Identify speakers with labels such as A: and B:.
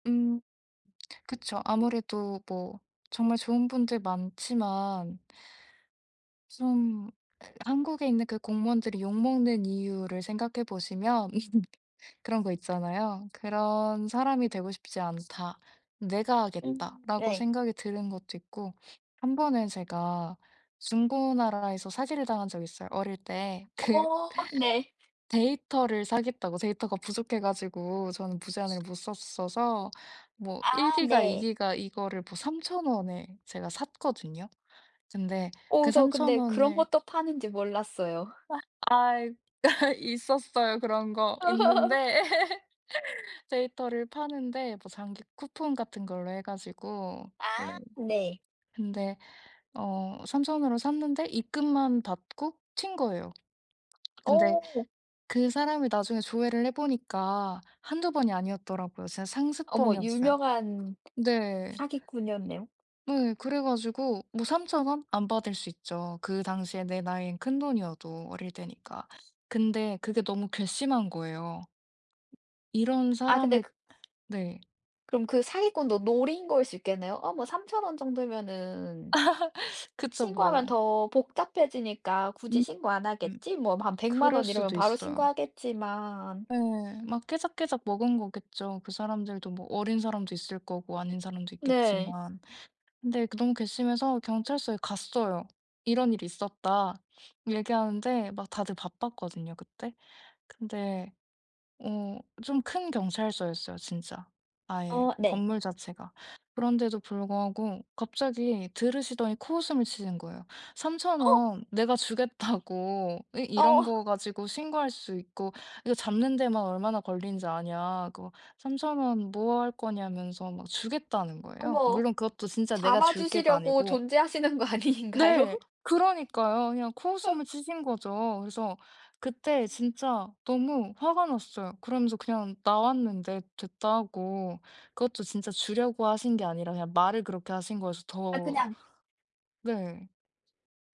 A: 음. 그쵸 아무래도 뭐 정말 좋은 분들 많지만 좀 한국에 있는 그 공무원들이 욕 먹는 이유를 생각해 보시면 그런 거 있잖아요. '그런 사람이 되고 싶지 않다. 내가 하겠다.'라고
B: 예.
A: 생각이 드는 것도 있고 한번은 제가 중고나라에서 사기를 당한 적이 있어요 어릴 때. 그
B: 어. 네.
A: 데이터를 사겠다고 데이터가 부족해 가지고 저는 무제한을 못 썼어서 뭐
B: 아.
A: 1GB 이
B: 네.
A: 기가 이거를 뭐 3,000 원에 제가 샀거든요. 근데
B: 어.
A: 그
B: 저
A: 3,000
B: 근데 그런
A: 원을
B: 것도 파는지 몰랐어요.
A: 아 아 있 아하 있었어요. 그런 거 있는데 데이터를 파는데 뭐 장기 쿠폰 같은 걸로 해 가지고
B: 아.
A: 원래.
B: 네.
A: 근데 어 3,000 원으로 샀는데 입금만 받고 튄 거예요. 근데
B: 오.
A: 그 사람이 나중에 조회를 해보니까 1-2 번이 아니었더라고요. 이제
B: 어머
A: 상습범이었어요.
B: 유명한
A: 네.
B: 사기꾼이었네요.
A: 네. 그래 가지고 뭐 3,000 원 안 받을 수 있죠. 그 당시에 내 나이엔 큰돈이어도 어릴 때니까. 근데 그게 너무 괘씸한 거예요. 이런
B: 아 근데
A: 사람을
B: 그
A: 네.
B: 그럼 그 사기꾼도 노린 거일 수 있겠네요? 아 뭐 3,000 원 정도면은
A: 그쵸 뭐.
B: 신고하면 더 복잡해지니까 굳이
A: 음.
B: 신고 안
A: 음.
B: 하겠지 뭐 한 1,000,000
A: 그럴
B: 원 이러면
A: 수도
B: 바로
A: 있어요.
B: 신고하겠지만.
A: 네. 막 깨작깨작 먹은 거겠죠. 그 사람들도 뭐 어린 사람도 있을 거고 아닌 사람도
B: 네.
A: 있겠지만. 근데 너무 괘씸해서 경찰서에 갔어요. "이런 일이 있었다." 얘기하는데 막 다들 바빴거든요 그때. 근데 어 좀 큰 경찰서였어요 진짜. 아예
B: 어. 네.
A: 건물 자체가. 그런데도 불구하고 갑자기 들으시더니 코웃음을 치시는 거예요. "3,000
B: 어.
A: 원 내가 주겠다."고. 어
B: 어.
A: "이런 거 가지고 신고할 수 있고 이거 잡는 데만 얼마나 걸리는지 아냐? 그거 3,000 원 뭐 할 거냐."면서 막 주겠다는 거예요.
B: 어머
A: 물론 그것도 진짜 '내가 줄게.'가
B: 잡아주시려고
A: 아니고
B: 존재하시는 거 아닌가요?
A: 네. 그러니까요. 그냥
B: 어.
A: 코웃음을 치신 거죠. 그래서 그때 진짜 너무 화가 났어요. 그러면서 그냥 나왔는데 '됐다.' 하고. 그것도 진짜 주려고 하신 게 아니라 그냥 말을 그렇게 하신 거여서
B: 아
A: 더
B: 그냥
A: 네.